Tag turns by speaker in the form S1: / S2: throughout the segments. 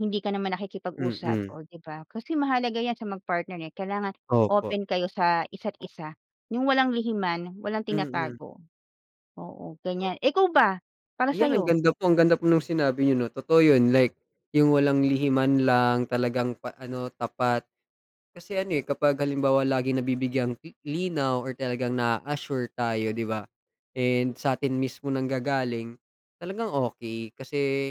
S1: Hindi ka naman nakikipag-usap,
S2: Mm.
S1: oh, 'di ba? Kasi mahalaga 'yan sa mag-partner, eh, kailangan
S2: Opo.
S1: open kayo sa isa't isa, yung walang lihiman, walang
S2: Mm.
S1: tinatago. Oo, ganyan. Eh, ikaw ba, para sa
S2: Ayan, ang
S1: 'yo?
S2: ganda po, ang ganda po nung sinabi niyo 'no. Totoo yun, like yung walang lihiman lang, talagang pa ano, tapat. Kasi ano, eh, kapag halimbawa laging nabibigyang li linaw or talagang na-a-assure tayo 'di ba, and sa'tin mismo nanggagaling, talagang okey. Kasi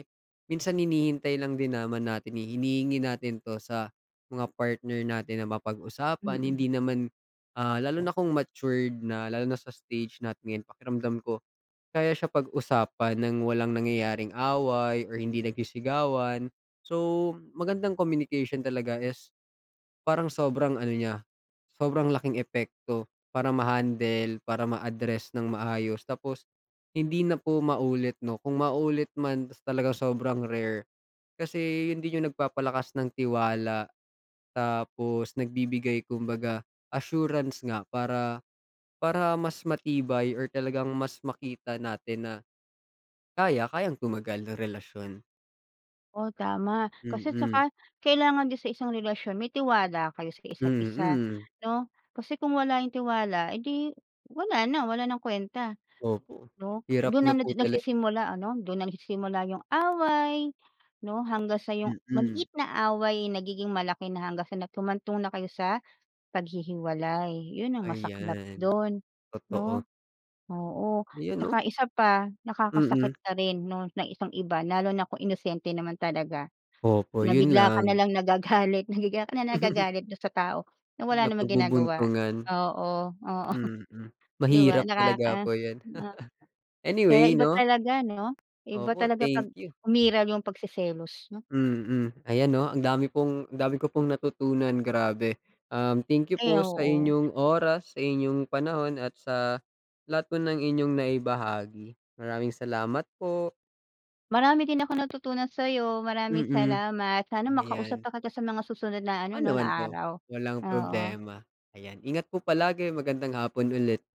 S2: minsan hinihintay lang din naman natin, hinihingi natin 'to, sa mga partner natin na mapag-usapan.
S1: Mm.
S2: Hindi naman ah, lalo na kung matured na, lalo na sa stage natin ngayon, pakiramdam ko kaya siya pag-usapan nang walang nangyayaring away or hindi nagsisigawan. So, magandang communication talaga is, parang sobrang ano niya, sobrang laking epekto para ma-handle, para ma-address nang maayos. Tapos hindi na po maulit 'no, kung maulit man, ta's talagang sobrang rare, kasi yun din yung nagpapalakas ng tiwala. Tapos nagbibigay kumbaga assurance nga, para para mas matibay or talagang mas makita natin na kaya, kayang tumagal ng relasyon.
S1: Oh, tama, kasi
S2: Mm.
S1: saka kailangan din sa isang relasyon, may tiwala kayo sa isa't isa
S2: Mm.
S1: 'no? Kasi kung wala yung tiwala, eh, 'di wala na, wala nang kwenta
S2: Opo,
S1: 'no?
S2: hirap
S1: Do'n
S2: na
S1: na
S2: po
S1: nadi
S2: tala
S1: nagsisimula ano, do'n na nagsisimula yung away 'no? Hanggang sa yung
S2: Mm.
S1: maliit na away, nagiging malaki na, hanggang sa na humantong na kayo sa paghihiwalay, yun ang masaklap
S2: Ayan,
S1: do'n
S2: totoo.
S1: 'no? Oo,
S2: Ayan, oh.
S1: tsaka isa pa, nakakasakit
S2: Mm.
S1: ka rin, 'no ng isang iba, lalo na kung inosente naman talaga.
S2: Opo,
S1: Na
S2: yun
S1: bigla ka na
S2: lang.
S1: lang nagagalit, na bigla ka nalang nagagalit do'n sa tao, na wala namang ginagawa.
S2: Napagbubuntungan.
S1: Oo, oo.
S2: Mm.
S1: Di ba
S2: Mahirap talaga
S1: nakaka,
S2: po yan.
S1: na Kaya
S2: Anyway
S1: iba
S2: 'no?
S1: talaga 'no, iba
S2: Opo,
S1: talaga
S2: thank
S1: 'pag
S2: you.
S1: umiral yung pagseselos 'no?
S2: Mm. Ayan 'no, ang dami pong dami ko pong natutunan, grabe. Um, thank you
S1: Ay,
S2: po sa
S1: oo.
S2: inyong oras, sa inyong panahon, at sa lahat po ng inyong naibahagi. Maraming salamat po.
S1: Marami din akong natutunan sayo. Mraming
S2: Mm.
S1: salamat, sana makausap
S2: Ayan.
S1: pa kita sa mga susunod na ano
S2: Oo,
S1: 'no, na
S2: naman po.
S1: araw.
S2: Walang
S1: Oo.
S2: problema. Ayan, ingat po palagi. Magandang hapon ulit.